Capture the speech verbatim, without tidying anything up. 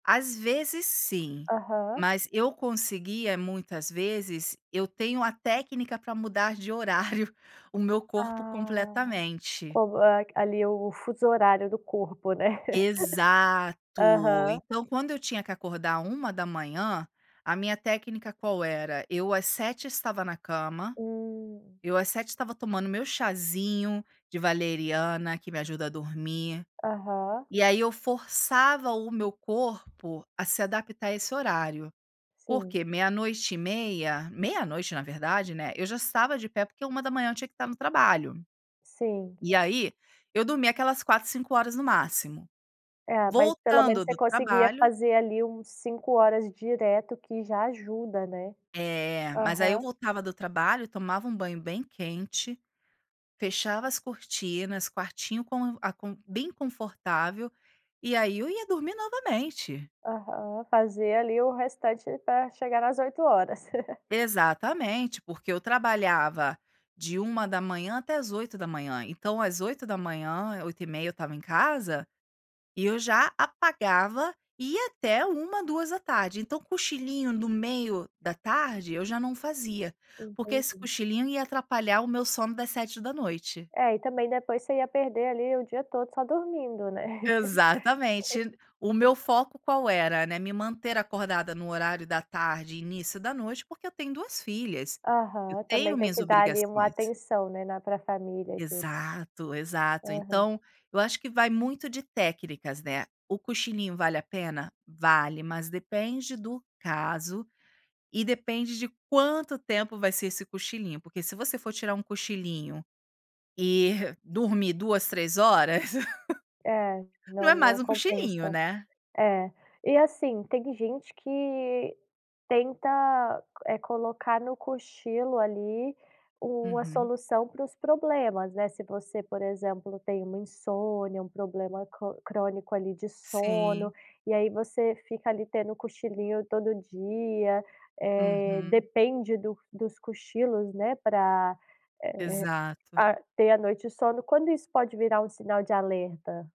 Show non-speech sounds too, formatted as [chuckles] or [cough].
Às vezes sim, Aham. mas eu conseguia muitas vezes. Eu tenho a técnica, para mudar de horário, o meu corpo Ah, completamente. co ali o fuso horário do corpo, né. [giggles] Exato, Aham. então quando eu tinha que acordar uma da manhã, a minha técnica qual era, eu às sete estava na cama, Hum. eu às sete estava tomando meu chazinho de valeriana, que me ajuda a dormir. Aham. E aí eu forçava o meu corpo a se adaptar a esse horário. Por Sim. quê? Meia-noite e meia, meia-noite na verdade, né, eu já estava de pé, porque uma da manhã eu tinha que estar no trabalho. Sim. E aí, eu dormi aquelas quatro quatro cinco horas no máximo. É, mas pelo menos, Voltando você do conseguia trabalho fazer ali, uns cinco horas direto que já ajuda, né. É, mas aí eu Aham. voltava do trabalho, tomava um banho bem quente, fechava as cortinas, quartinho com a com bem confortável, e aí, eu ia dormir novamente. Aham, fazer ali o restante, para chegar nas oito horas. [chuckles] Exatamente, porque eu trabalhava de uma da manhã até às oito da manhã, então às oito da manhã, oito e meia eu estava em casa, e eu já apagava e ia até uma, duas da tarde, então cochilinho no meio da tarde, eu já não fazia, porque esse Entendi. cochilinho ia atrapalhar o meu sono das sete da noite. É e também, depois você ia perder ali, o dia todo só dormindo, né? [chuckles] Exatamente. O meu foco qual era, né, me manter acordada, no horário da tarde e início da noite, porque eu tenho duas filhas, eu Aham, tenho também tem minhas que dar ali, uma obrigações. atenção, né, na tua família e tudo. Exato, exato, Aham. então, eu acho que vai muito de técnicas, né, o cochilinho vale a pena? Vale, mas depende do caso, e depende de quanto tempo vai ser esse cochilinho. Porque se você for tirar um cochilinho, e dormir duas, três horas, É, [chuckles] não não é mais não um cochilinho, compensa. né? É, e, assim, tem gente que tenta, eh, colocar no cochilo, ali, uma Uhum. solução para os problemas, né, se você por exemplo, tem uma insônia, um problema co crônico ali de sono, Sim. e aí você fica ali, tendo cochilinho todo dia, eh, Uhum. depende do dos cochilos, né, para, eh, Exato. ah, ter a noite de sono, quando isso pode virar um sinal de alerta?